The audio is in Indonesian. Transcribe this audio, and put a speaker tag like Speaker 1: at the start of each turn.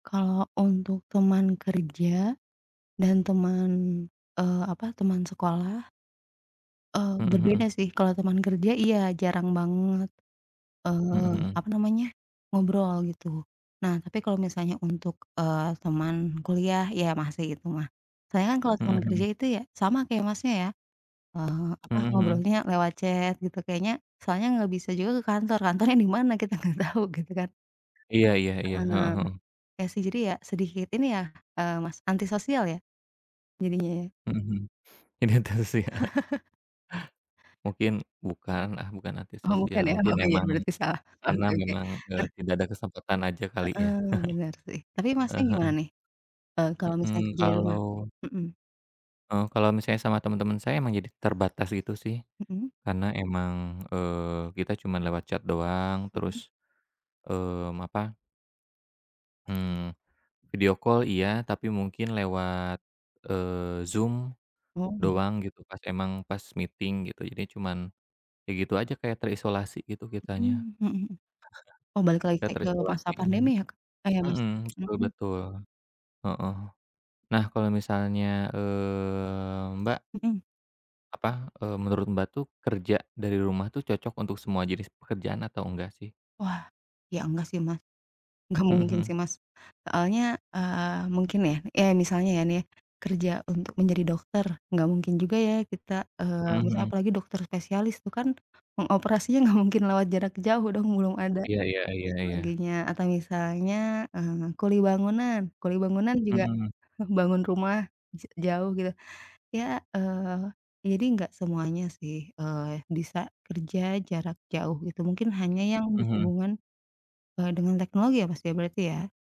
Speaker 1: Kalau untuk teman kerja dan teman, eee, apa, teman sekolah Eee,
Speaker 2: Mhm
Speaker 1: berbeda
Speaker 2: mhm.
Speaker 1: sih kalau teman kerja iya jarang banget,
Speaker 2: Mhm
Speaker 1: eee,
Speaker 2: mhm.
Speaker 1: apa namanya, ngobrol gitu. Nah, tapi kalau misalnya untuk, eee, teman kuliah, iya masih itu mah. Soalnya kan kalau
Speaker 2: Hmm
Speaker 1: teman kerja
Speaker 2: mhm.
Speaker 1: itu ya, sama kayak Masnya ya, eee, apa,
Speaker 2: Mhm mhm.
Speaker 1: ngobrolnya lewat chat gitu kayaknya, soalnya enggak bisa juga ke kantor. Kantornya di mana, kita nggak tahu, gitu kan.
Speaker 2: Iya iya iya,
Speaker 1: Heeh,
Speaker 2: heeh heeh.
Speaker 1: iya sih jadi ya, sedikit ini ya, eee, Mas, anti sosial ya jadinya.
Speaker 2: Mhm mhm, ini terus sih, iya. Mungkin bukan ah, bukan anti
Speaker 1: Oh bukan
Speaker 2: sosial
Speaker 1: ya,
Speaker 2: mungkin
Speaker 1: oh iya
Speaker 2: memang
Speaker 1: benar, bisa lah, oh
Speaker 2: karena
Speaker 1: oke oke.
Speaker 2: memang ke
Speaker 1: Nah
Speaker 2: tidak ada kesempatan aja kali ya?
Speaker 1: Heeh, mengerti. Tapi Masnya
Speaker 2: Heeh
Speaker 1: gimana
Speaker 2: heeh.
Speaker 1: nih, e kalau misalnya
Speaker 2: Mhm,
Speaker 1: kerja dari rumah?
Speaker 2: kalau
Speaker 1: Mhm.
Speaker 2: Heeh, kalau misalnya sama teman-teman saya emang jadi terbatas gitu sih,
Speaker 1: Mhm.
Speaker 2: karena emang, eee, kita cuman lewat chat doang
Speaker 1: Mhm.
Speaker 2: terus, mmm, apa Mmm, video call iya, tapi mungkin lewat, eee, Zoom
Speaker 1: Mau di
Speaker 2: doang gitu pas emang, pas meeting gitu. Jadinya cuman, ya gitu aja kayak terisolasi gitu kitanya.
Speaker 1: Mhm, mhm mhm. Oh balik lagi
Speaker 2: Ah iya. Iya
Speaker 1: kayak ke masa
Speaker 2: terisolasi,
Speaker 1: pandemi ya, Kak? Eh iya Mas,
Speaker 2: mhm, betul
Speaker 1: mhm.
Speaker 2: betul, heeh. Nah kalau misalnya, eee, Mbak
Speaker 1: Mhm.
Speaker 2: Apa, eee, menurut Mbak tuh kerja dari rumah tuh cocok untuk semua jenis pekerjaan atau enggak sih?
Speaker 1: Wah, iya enggak sih Mas, enggak
Speaker 2: Mhm
Speaker 1: mungkin
Speaker 2: mhm.
Speaker 1: sih, Mas. Soalnya, eee, mungkin ya, iya misalnya ya nih, kerja untuk menjadi dokter, enggak mungkin juga ya kita,
Speaker 2: Mhm
Speaker 1: eee, misalnya
Speaker 2: mhm.
Speaker 1: apalagi dokter spesialis, itu kan, pengoperasiannya nggak mungkin lewat jarak jauh dong, belum ada,
Speaker 2: Iya iya iya iya.
Speaker 1: teknologinya. Atau misalnya, eee, kuli bangunan, kuli bangunan juga
Speaker 2: Mhm.
Speaker 1: bangun rumah j jauh gitu ya, iya, eee, jadi enggak semuanya sih, eee, bisa kerja jarak jauh, gitu. Mungkin hanya yang
Speaker 2: Mhm.
Speaker 1: berhubungan, e dengan teknologi ya Mas, berarti ya.